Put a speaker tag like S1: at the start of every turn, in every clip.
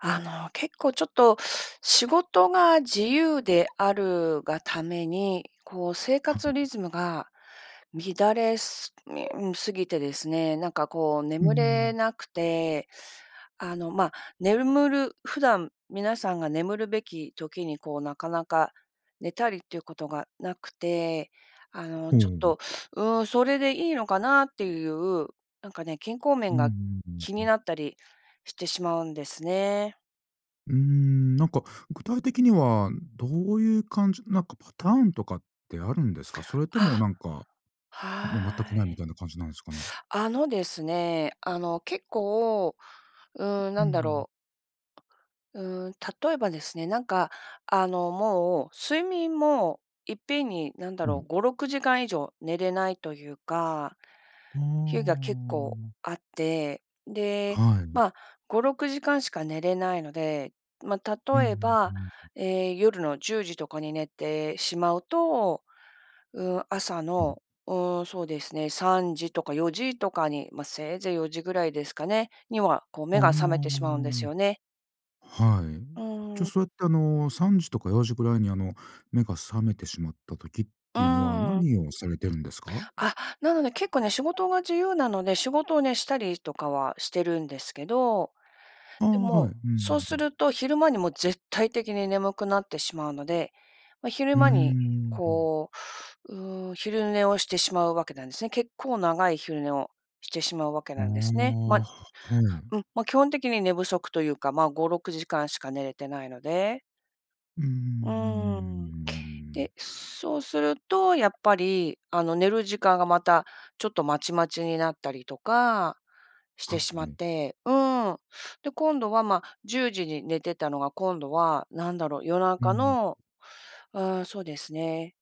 S1: あの、結構ちょっと仕事が自由であるがために、こう生
S2: は
S1: 活
S2: ん。
S1: リズムが乱れす 過ぎてですね、なんかこう
S2: うー
S1: 眠れ
S2: ん。
S1: なくて、あの、ま、ねるむる普段皆さんが眠るべき時にこう、なかなか寝たりっていうことがなくて、あの、
S2: ほ
S1: ちょっ
S2: う。
S1: と、うん、それでいいのかな？っていう、なんかね、健康
S2: うん
S1: 面が
S2: うんうん
S1: 気
S2: う
S1: に
S2: ん。
S1: なったりしてしまうんですね。
S2: うーん、なんか具体的にはどういう感じなんかパターンとかってあるんですか？それとも
S1: あ。
S2: なんか、もう全く
S1: は
S2: ないみ
S1: い。
S2: たいな感じなんですかね？
S1: あのですね、あの、結構、うーん、
S2: う
S1: なんだ
S2: ん。
S1: ろう。うーん、例えばですね、なんか、あの、もう、睡眠もいっぺんに、なんだ
S2: う
S1: ろう、
S2: ん。
S1: 5、6時間以上寝れないというか、
S2: あ
S1: 日が結構
S2: あ。
S1: あって、で、
S2: はい。
S1: ま、5、6時間しか寝れないので、ま、
S2: う
S1: 例え
S2: ん、うう
S1: ば、
S2: ん。
S1: え、夜の10時とかに寝てしまうと、うーん、朝
S2: うん。
S1: の、うーんそうですね3時とか4時とかに、ま、せいぜい4時ぐらいですかね？には、こう
S2: あ
S1: 目
S2: あ。
S1: が覚めてしまうんですよね。
S2: はい。
S1: う
S2: じゃ、
S1: ーん。
S2: そうやって、あの、3時とか4時ぐらいに、あの、目が覚めてしまった時っ
S1: う
S2: ていうのは、
S1: ーん。
S2: 何をされてるんですか？
S1: あ、なので結構ね、仕事が自由なので、仕事をね、したりとかはしてるんですけど、
S2: ああ、
S1: で
S2: はい。
S1: も、
S2: うんう
S1: そう
S2: んう
S1: す
S2: ん。
S1: ると昼間にもう絶対的に眠くなってしまうので、ま、昼
S2: うー
S1: 間に、
S2: ん、うん。
S1: こう、うーん、昼寝をしてしまうわけなんですね。結構長い昼寝をしてしまうわけ
S2: ああ、
S1: なんですね。ま、
S2: ははい。
S1: うん、まあ、基本的に寝不足というか、ま5、6時間しか寝れてないので。
S2: うーん、うんうん
S1: うーん。
S2: うん、うーん。
S1: で、そうすると、やっぱり、あの、寝る時間がまた、ちょっと、まちまちになったりとかしてし
S2: う
S1: まっ
S2: ん。
S1: て、うん。で、今度は、まあ、10時に寝てたのが、今度は、なんだろう。夜
S2: う
S1: 中
S2: ん。
S1: の、うーん、そうですね。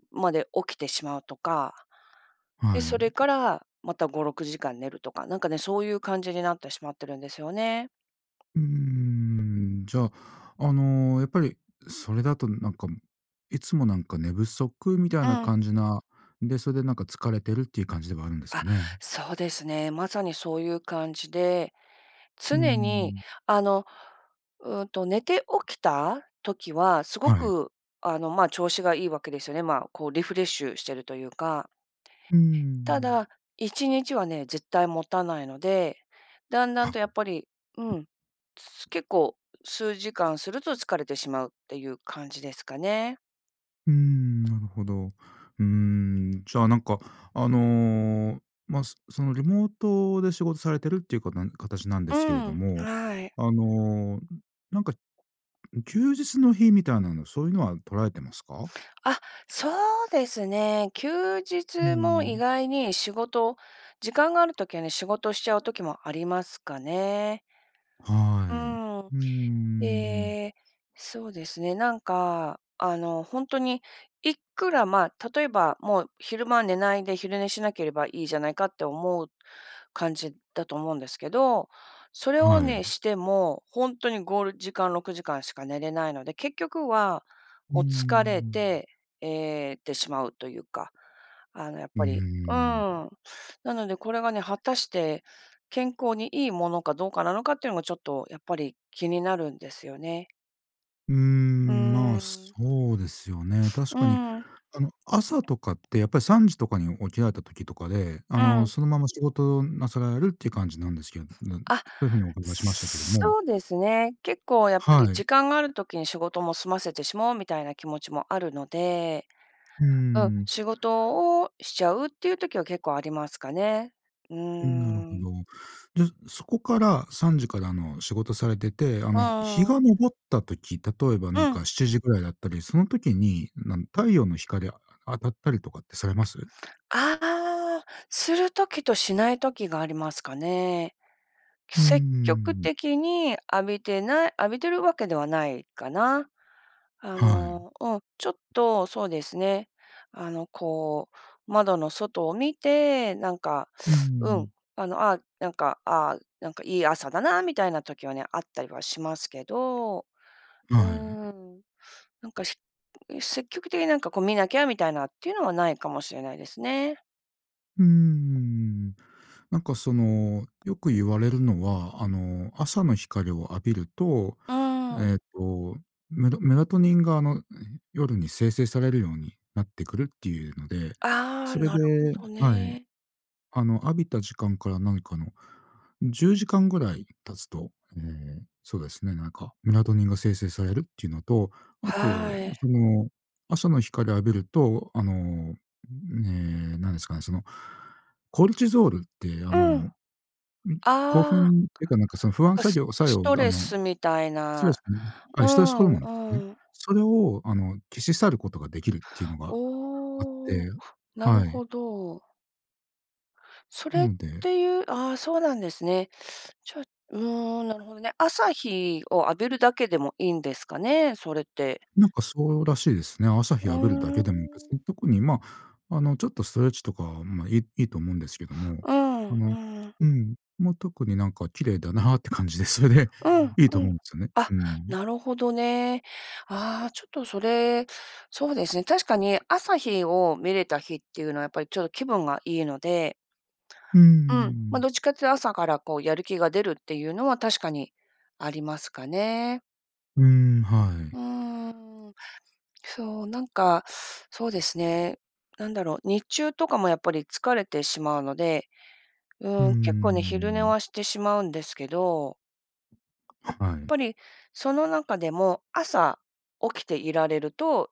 S1: [unintelligible] まで起きてしまうとか。で、
S2: は
S1: そ
S2: い。
S1: れからまた5、6時間寝るとか、なんか、ね、そういう感じになってしまってるんですよね。
S2: うーん、じゃあ、あの、やっぱりそれだと、なんか、いつも、なんか、寝不足みたい
S1: う
S2: な
S1: ん。
S2: 感じなで、それで、なんか、疲れてるっていう感じではあるんですか
S1: あ、
S2: ね。
S1: そうですね。まさにそういう感じで、
S2: うー
S1: 常に
S2: ん。
S1: あの、うんと、寝て起きた時は、すご
S2: はい。
S1: く、あの、まあ、調子がいいわけですよね。まあ、こう、リフレッシュしてるというか。
S2: うー
S1: た
S2: ん。
S1: だ、1日はね、絶対もたないので、だんだん
S2: は。
S1: と、やっぱり、うん。結構数時間すると疲れてしまうっていう感じですかね。
S2: うーん、なるほど。うーん、じゃあなんかあの、ま、すその、リモートで仕事されているっていうかなんかたちなんで
S1: う
S2: すけれど
S1: ん、
S2: も、
S1: はい。
S2: あの、なんか休日の日みたいなのそういうのは取られてますか？
S1: あ、そうですね。休
S2: う
S1: 日も意
S2: ん。
S1: 外に仕事、時間がある時はね、仕事しちゃう時もありますかね。
S2: は
S1: う
S2: い、
S1: ん、
S2: うんうんうん。
S1: ええ、そうですね、なんか、あの、ほんとに、いくらまあ、例えばもう昼間寝ないで昼寝しなければいいじゃないかって思う、感じだと思うんですけど、それを
S2: は
S1: ね、
S2: い。
S1: しても、ほんとに5時間、6時間しか寝れないので、結局は、
S2: うー
S1: お、疲れ
S2: ん。
S1: て、ええ、てしまうというか。あの、やっ
S2: う
S1: ぱりうん。
S2: ーん。
S1: なのでこれがね、果たして、健康にいいものかどうかなのかっていうのがちょっと、やっぱり気になるんですよね。
S2: うー
S1: う
S2: ん、まあ、
S1: ーん。
S2: そうですよね。確
S1: う
S2: かに
S1: ん。
S2: あの、朝とかってやっぱり3時とかに起きられた時とかで、あ
S1: う
S2: の
S1: ん。
S2: そのまま仕事なさられるっていう感じなんですけなん、て、
S1: あ、
S2: そういうふうにお伺いしましたけども
S1: そうですね。結構やっぱり
S2: はい。
S1: 時間がある時に仕事も済ませてしまおうみたいな気持ちもあるので、
S2: うー
S1: うん、
S2: ん。
S1: 仕事をしちゃうっていう時は結構ありますかね。うー
S2: うん、なるほ
S1: ん。
S2: ど。で、そこから3時からあの仕事されてて、あの、
S1: う
S2: ひ日が
S1: ん。
S2: 昇った時、例えばな
S1: う
S2: ん
S1: ん。
S2: か7時ぐらいだったり、その時に、なん太陽の光、あ当たったりとかってされます？
S1: ああ、する時としない時がありますかね。
S2: うん
S1: 積極
S2: うん。
S1: 的に浴びてな浴びてるわけではないかな。あ
S2: はい。
S1: の、うん、ちょっとそうですね、あの、こう、窓の外を見て、なんか
S2: う
S1: うん、
S2: ん。
S1: あの、あ、なんか、ああなんか、いい朝だなみたいな時はね、あったりはしますけど。うー
S2: はい。
S1: ん。なんかし積極的になんかこう見なきゃみたいなっていうのはないかもしれないですね。
S2: うーん。なんかその、よく言われるのは、あの、朝の光を浴びると、
S1: うん。
S2: えっと、メドメラトニンがあの、夜に生成されるようになってくるっていうので、
S1: ああ、
S2: それ
S1: なるほ
S2: で
S1: ど
S2: はい。
S1: ね。
S2: あの浴びた時間から、なんかあの、10時間ぐらい経つと、ええ、そうですね、なんかメラトニンが生成されるっていうのと、あ
S1: は
S2: と、
S1: い。
S2: その、朝の光浴びると、あの、ええ、なんですかね、その、コルチゾールって、あの、
S1: うん。あ
S2: ん、
S1: あ、
S2: 興
S1: な
S2: 奮っていうか、なんかその不
S1: ん
S2: 安
S1: か
S2: 作
S1: ス
S2: 業作
S1: ス
S2: 用、
S1: ト
S2: あ
S1: レ
S2: の、
S1: スみたい
S2: ストレ
S1: な、
S2: スのねは
S1: う
S2: い、ストレスホル
S1: ん
S2: モンですね。
S1: うん。
S2: それを、あの、消し去ることが出来るっていうのがあって、
S1: おお、
S2: ん
S1: なる
S2: はい。
S1: ほど。そ
S2: な
S1: れっ
S2: ので
S1: ていうああ、そうなんですね。じゃ、うん、なるほどね。朝日を浴びるだけでもいいんですかね、それって。
S2: なんかそうらしいですね。朝日
S1: う
S2: 浴びるだ
S1: ー
S2: けでも、別
S1: ん。
S2: に特に、ま、あのちょっとストレッチとか、ま、いいいと思うんですけども、
S1: うん
S2: あ
S1: う
S2: の、
S1: ん。
S2: うん、ま、特になんか綺麗だなあって感じで、それで
S1: うん
S2: いいと
S1: う
S2: 思う
S1: ん。
S2: んですよね。
S1: あ、
S2: うん。
S1: なるほどね。ああ、ちょっとそれ、そうですね、確かに、朝日を見れた日っていうのはやっぱりちょっと気分がいいので。
S2: うー
S1: うん、ま、
S2: ん。
S1: どっちかって朝からこう、やる気が出るっていうのは確かにありますかね。
S2: うーん、はい。
S1: うーん、そう、なんか、そうですね、なんだろう、日中とかもやっぱり、疲れてしまうので、
S2: うー
S1: うん、結構ね、昼寝
S2: ん。
S1: はしてしまうんですけど。やっ
S2: はい。
S1: ぱり、その中でも、朝、起きていられると、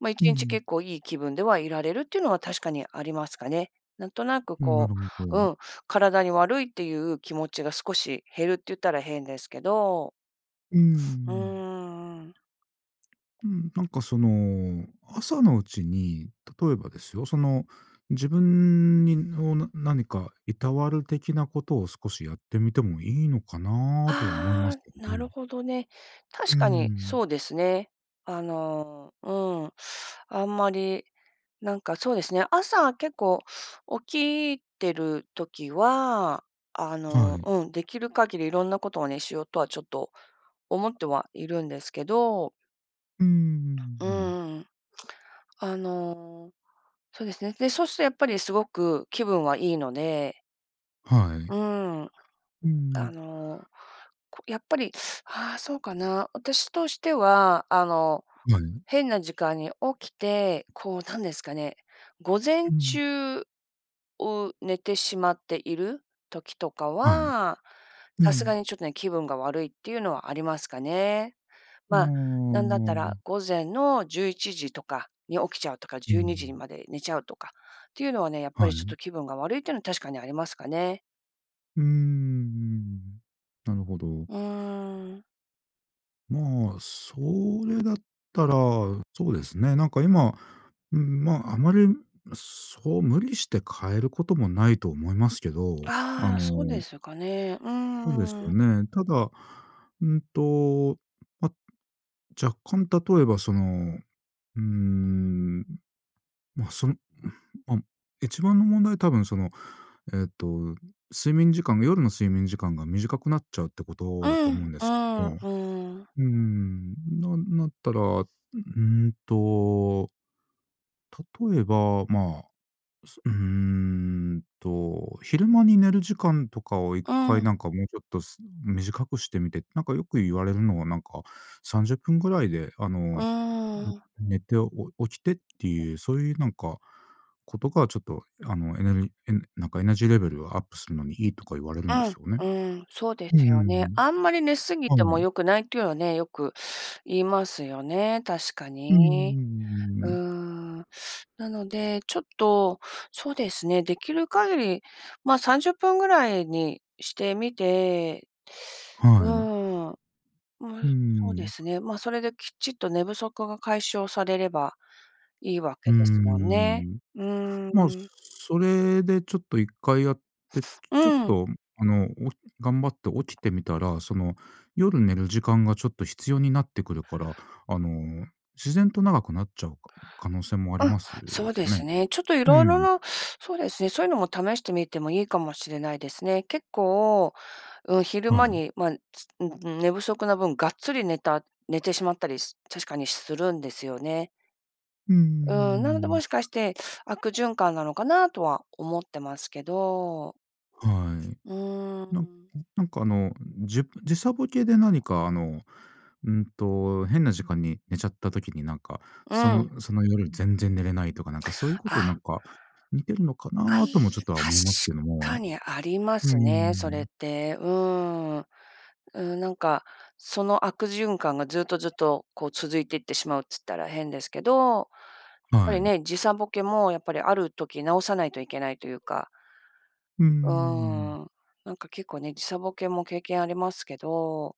S1: ま、一
S2: うんう
S1: 日
S2: ん。
S1: 結構いい気分ではいられる、っていうのは確かにありますかね。なんとなく
S2: うん、な
S1: こ
S2: るほ
S1: う、
S2: ど。
S1: うん、体に悪いっていう気持ちが、少し減るって言ったら変ですけど。
S2: うー
S1: う
S2: ん。
S1: ーん。
S2: うん、なんかその、朝のうちに、例えばですよ、その自分にを何か、いたわる的なことを、少しやってみてもいいのかな、とは思います
S1: あ
S2: け
S1: あ、
S2: ど
S1: なる
S2: ね。
S1: ほどね。
S2: う
S1: 確
S2: ー
S1: かに
S2: ん。
S1: そうですね。あの、うん、あんまり、なんかそうですね、朝、結構起きてる時は、あ
S2: は
S1: の、
S2: い。
S1: うん、できる限り、色んなことをね、しようとは、ちょっと思ってはいるんですけど。
S2: うんうんうん
S1: うんう
S2: うんうん
S1: んうん、あの、そうですね。で、そうすとやっぱりすごく気分はいいので
S2: はい。
S1: うーん。
S2: う
S1: あ
S2: ん。
S1: の、こ、やっぱり、ああ、そうかな？私としては、あの、
S2: はい。
S1: 変な時間に起きて、こうなんですかね、午前
S2: うん。
S1: 中を寝てしまっている？時とか
S2: はい。
S1: は、
S2: う
S1: さすが
S2: ん。
S1: にちょっとね、気分が悪いっていうのはありますかね。
S2: あ
S1: まあ、なんだったら
S2: あ。
S1: 午前の11時とかに起きちゃうとか、
S2: うー
S1: 12時に
S2: ん。
S1: まで寝ちゃうとかっていうのはね、やっぱ
S2: は
S1: りちょっ
S2: い。
S1: と気分が悪いってのは、確かにありますかね。
S2: うーんうーん、なるほど。
S1: うーん。
S2: まあ、それだったらそうですね、なんか今、うん、まあ、あまり、むそう無理して変えることもないと思いますけど、あ
S1: ああ、そうで
S2: の
S1: すかね、う
S2: そうですよ
S1: ーん。
S2: ね。ただ、うんと、ま、若干例えば、その、うーん、ま、その、うん、ま、一番の問題は多分、その、えっと、睡眠時間が夜の睡眠時間が短くなっちゃうってこと
S1: う
S2: だと思う
S1: ん、
S2: んで
S1: う
S2: す
S1: ん、う
S2: も、
S1: ーん。
S2: うんうんうん。なんなったら、うんと例えば、まあ、そうーんと、昼間に寝る時間とかを一
S1: う
S2: 回、
S1: ん。
S2: なんか、もうちょっとす短くしてみて、なんかよく言われるのはなんか、30分ぐらいで、あ
S1: う
S2: の、
S1: ーん。
S2: 寝てお起きてっていうそういうなんか、ことがちょっとあの、エネルギエネなんかエナジーレベルをアップするのにいいとか言われるんですよね。
S1: うん、うん、そうで
S2: うんう
S1: すよ
S2: んう
S1: ね。あんまり寝過ぎ
S2: ん。
S1: て
S2: は
S1: も
S2: い。
S1: 良くないっていうはね、よく 言いますよね、確か
S2: うんうんうんうんうんう
S1: に。
S2: んうん
S1: う
S2: う
S1: ー
S2: ん。
S1: ん。なので、ちょっと、そうですね、できる限り、まあ、30分ぐらいにしてみて、う
S2: はい。
S1: ーん。う
S2: うー
S1: む、そうで
S2: ん。
S1: すね。まあ、それできちっと寝不足が解消されれば、いいわ
S2: う
S1: け
S2: んう
S1: です
S2: んうんうん
S1: もん
S2: う
S1: ね。
S2: んうん、
S1: うー
S2: まあ、
S1: ん。
S2: それでちょっと一回やって、
S1: う
S2: ちょっ
S1: ん。
S2: と、むあの、おひ頑張って起きてみたら、その夜寝る時間がちょっと必要になってくるから、あの、自然と長くなっちゃうか可能性もあり
S1: うん、
S2: ます
S1: そうで
S2: ね。
S1: すね、ちょっと
S2: う
S1: 色々
S2: ん。
S1: な、そうですね、そういうのも試してみてもいいかもしれないですね。結構、うん、昼
S2: は
S1: 間
S2: い。
S1: にまあ、つうん、う、寝不足な分、がっつり寝た寝てしまったりす確かにするんですよね。
S2: うんうんうんうんう
S1: うーん、な
S2: ん
S1: ので、
S2: うんうん。
S1: もしかして、悪循環なのかなとは思ってますけど。
S2: はい。
S1: うー
S2: なん
S1: ん。
S2: うん、なんかあの、じゅ時差ボケで何かあの、うんと、変な時間に寝ちゃった時になんか、
S1: う
S2: そ
S1: ん。
S2: のその、夜全然寝れないとか、なんかそういうこ
S1: あ
S2: とでな
S1: っ
S2: んか似てるのか
S1: はい、
S2: な？ともちょっとは
S1: 確
S2: 思いますけど
S1: か
S2: も。
S1: にありま
S2: うんう
S1: す
S2: んうんうんう
S1: ね、それ
S2: ん。
S1: って。うーん。うん、なんかその悪循環がずっとずっと、こう、続いてってしまうっつったら変ですけど、やっぱ
S2: は
S1: り
S2: い。
S1: ね、時差ボケもやっぱり、ある時治さないといけないというか。
S2: うんうんうん
S1: う
S2: うんうん。
S1: ーん、なんか結構ね、時差ボケも経験ありますけど、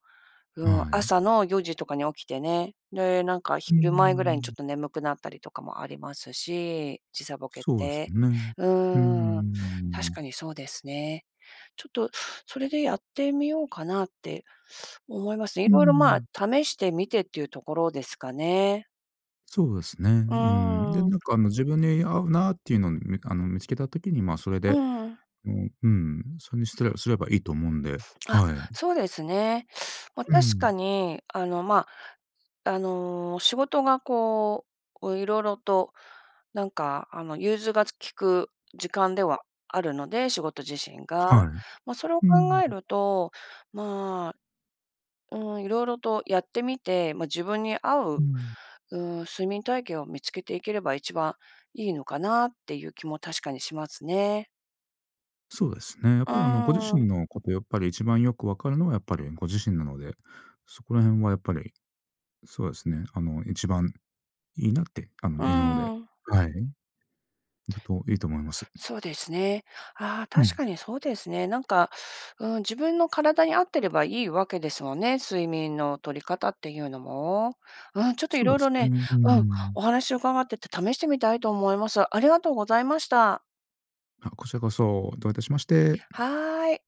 S1: うん、
S2: はい。
S1: 朝の4時とかに起きてね、で、なんか、
S2: うー
S1: 昼前ぐらいにちょ
S2: ん。
S1: っと眠くなったりとかもありますし、時差ボケっ
S2: そうです
S1: て。
S2: ね。
S1: う
S2: うんうんうんうん
S1: ーん、
S2: うんう
S1: 確
S2: ん。
S1: かにそうですね。ちょっとそれでやってみようかなって、思いますね。
S2: うー
S1: 色々まあ、
S2: ん。
S1: 試してみてっていうところですかね。
S2: そうですね、うー
S1: う
S2: ん。で、
S1: ー
S2: なん
S1: ん。
S2: かあの、自分に合うなっていうのん、みあの、見つけた時に、ま、それで、
S1: うん。
S2: お、うん、それにすてらすればいいと思うんで。
S1: あ、
S2: はい。
S1: そうですね。ま、
S2: う
S1: 確か
S2: ん。
S1: に、あの、ま、あの、仕事がこう、こう色々と、なんか、あの、融通がつ利く時間ではあるので、仕事自身
S2: はい。
S1: が。
S2: う
S1: ま、それを
S2: ー
S1: 考
S2: ん、
S1: え
S2: うん。
S1: ると、まあ、うーん、色々とやってみて、ま、自分に合
S2: う
S1: う、
S2: ん。
S1: うーん、睡眠体験を見つけていければ一番いいのかな？っていう気も確かにしますね。
S2: そうですね。やっ
S1: う
S2: ぱりあの、ご自
S1: ーん。
S2: 身のこと、やっぱり一番よく分かるのは、やっぱりご自身なので、そこら辺はやっぱり、そうですね、あの、一番いいなって、あの、
S1: う
S2: いのうで、
S1: ーん。
S2: はい、いくといいと思います。
S1: そうですね。ああ、
S2: うん。
S1: 確かにそうですね。なんか、うーん、自分の体に合ってればいいわけですもんね、睡眠の取り方っていうのも。うん、ちょっと
S2: そ
S1: 色
S2: うで
S1: 々
S2: すね。
S1: ね、
S2: うー
S1: うん、お
S2: ん。
S1: 話を伺ってて試してみたいと思います。ありがとうございました。
S2: あ、こちらこそ、どういたしまして。
S1: はい。